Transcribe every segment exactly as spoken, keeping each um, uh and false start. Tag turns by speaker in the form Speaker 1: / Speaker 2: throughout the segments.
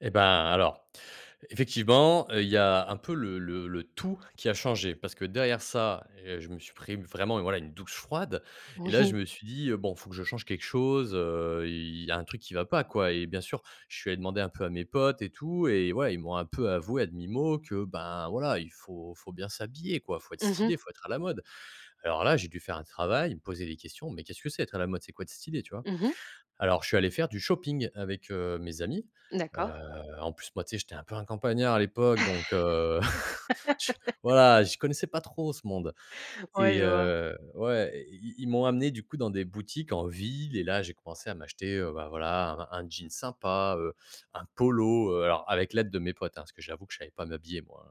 Speaker 1: Eh, ben, alors, effectivement, heu, il y a un peu le le le tout qui a changé parce que, derrière ça, heu, je me suis pris, vraiment, voilà, une douche froide et là,
Speaker 2: Oui.
Speaker 1: je me suis dit, heu: «Bon, il faut que je change quelque chose, heu, il y a un truc qui va pas, quoi!» et bien sûr, je suis allé demander un peu à mes potes et tout et ouais, ils m'ont un peu avoué, à demi-mot, que, ben, voilà, il faut faut bien s'habiller, quoi! Il faut être
Speaker 2: Mmh
Speaker 1: stylé, il
Speaker 2: mh.
Speaker 1: faut être à la mode. Alors là, j'ai dû faire un travail, me poser des questions: «Mais qu'est-ce que c'est, être à la mode? C'est quoi, être stylé?» Tu vois?
Speaker 2: Mmh mh.
Speaker 1: Alors, je suis allé faire du shopping avec, heu, mes amis. Heu,
Speaker 2: D'accord.
Speaker 1: en plus, moi, tu sais? J'étais un peu un campagnard à l'époque donc heu, je voilà, je connaissais pas trop ce monde
Speaker 2: Ouais,
Speaker 1: et
Speaker 2: je vois.
Speaker 1: heu ouais, ils ils ils m'ont amené, du coup, dans des boutiques en ville et là, j'ai commencé à m'acheter, heu, bah, voilà, un un jean sympa, heu, un polo, heu, alors, avec l'aide de mes potes, hein, parce que j'avoue que je savais pas m'habiller, moi,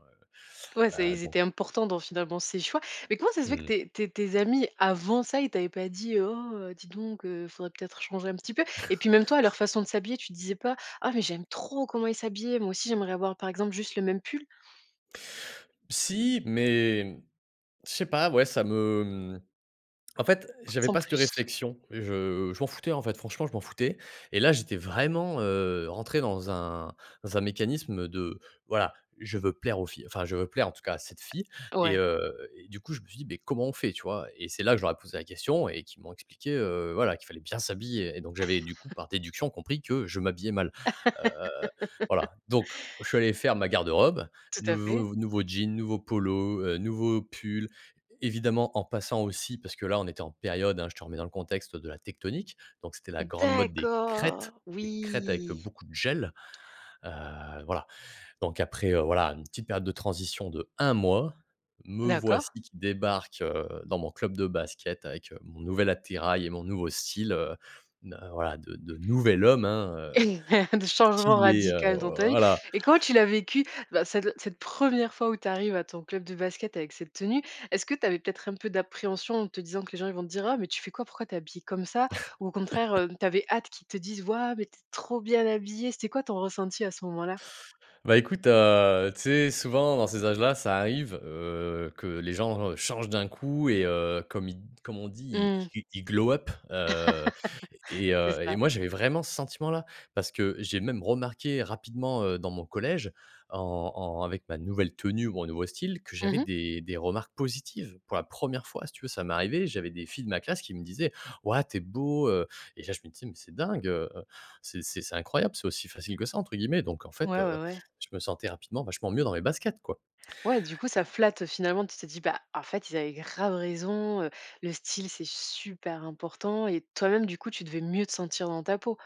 Speaker 2: Ouais,
Speaker 1: heu,
Speaker 2: c'est
Speaker 1: heu,
Speaker 2: ils
Speaker 1: bon
Speaker 2: étaient importants dans, finalement, ces choix mais comment ça se fait que
Speaker 1: Mmh.
Speaker 2: tes tes tes amis, avant ça, ils t'avaient pas dit: «Oh, dis donc heu, il faudrait peut-être changer un petit peu» et puis même toi, à leur façon de s'habiller, tu te disais pas: «Ah mais j'aime trop comment ils s'habillent, moi aussi, j'aimerais avoir, par exemple, juste le même pull»?
Speaker 1: Si, mais mmh, je sais pas, ouais, ça me mmh, en fait, j'avais
Speaker 2: Sans
Speaker 1: pas cette
Speaker 2: plus.
Speaker 1: réflexion. Je je m'en foutais, en fait. Franchement, je m'en foutais et là, j'étais vraiment, heu, rentré dans un dans un mécanisme de, voilà, je veux plaire aux filles. Enfin, je veux plaire, en tout cas, à cette fille et
Speaker 2: Ouais.
Speaker 1: heu, et du coup, je me suis dit: «Beh, comment on fait?» Tu vois? Et c'est là que je leur ai posé la question et qu'ils m'ont expliqué, heu, voilà, qu'il fallait bien s'habiller et donc j'avais, du coup, par déduction, compris que je m'habillais mal. Heu, voilà, donc je suis allé faire ma garde-robe.
Speaker 2: Tout à fait.
Speaker 1: Nouveau nouveau jeans, nouveau polo, heu, nouveau pull, évidemment, en passant aussi parce que là, on était en période, hein, je te remets dans le contexte, de la tectonique, donc c'était la grande mode des crêtes,
Speaker 2: D'accord,
Speaker 1: des crêtes avec
Speaker 2: oui!
Speaker 1: beaucoup de gel. Heu, voilà donc après, heu, voilà, une petite période de transition d'un mois, me voici
Speaker 2: D'accord.
Speaker 1: qui débarque, heu, dans mon club de basket avec, heu, mon nouvel attirail et mon nouveau style, heu, n voilà, de de nouvel homme, hein, heu,
Speaker 2: De changement
Speaker 1: stylé, heu
Speaker 2: radical dans ta vie,
Speaker 1: voilà.
Speaker 2: et comment tu l'as vécu, bah, cette cette première fois où tu arrives à ton club de basket avec cette tenue? Est-ce que tu avais, peut-être, un peu d'appréhension en te disant que les gens ils vont te dire: «Ah mais tu fais quoi? Pourquoi tu es habillé comme ça?» ou au contraire, heu, tu avais hâte qu'ils te disent: «Waouh, mais tu es trop bien habillé!». C'était quoi, ton ressenti à ce moment-là?
Speaker 1: Bah, écoute, heu, tu sais? Souvent, dans ces âges-là, ça arrive, heu, que les genres changent d'un coup et heu, comme ils d comme on dit:
Speaker 2: Mmh.
Speaker 1: «Ils ils glow up» heu, et
Speaker 2: C'est
Speaker 1: heu, et
Speaker 2: ça.
Speaker 1: moi, j'avais vraiment ce sentiment-là parce que j'ai même remarqué rapidement, heu, dans mon collège, en en avec ma nouvelle tenue, mon nouveau style, que
Speaker 2: Mmh
Speaker 1: j'avais
Speaker 2: mh.
Speaker 1: des des remarques positives pour la première fois. Si tu veux, ça m'est arrivé, j'avais des filles de ma classe qui me disaient: «Wahou, tu es beau, heu» et là, je me disais: «Mais c'est dingue, heu, c'est c'est c'est incroyable. C'est aussi facile que ça?» entre guillemets donc en fait,
Speaker 2: Ouais,
Speaker 1: heu,
Speaker 2: ouais, ouais.
Speaker 1: je me sentais rapidement, vachement mieux dans mes baskets, quoi!
Speaker 2: Ouais, du coup, ça flatte, heu, finalement, tu t'es dis: «Bah, en fait, ils avaient grave raison, heu, le style, c'est super important» et toi-même, du coup, tu devais mieux te sentir dans ta peau?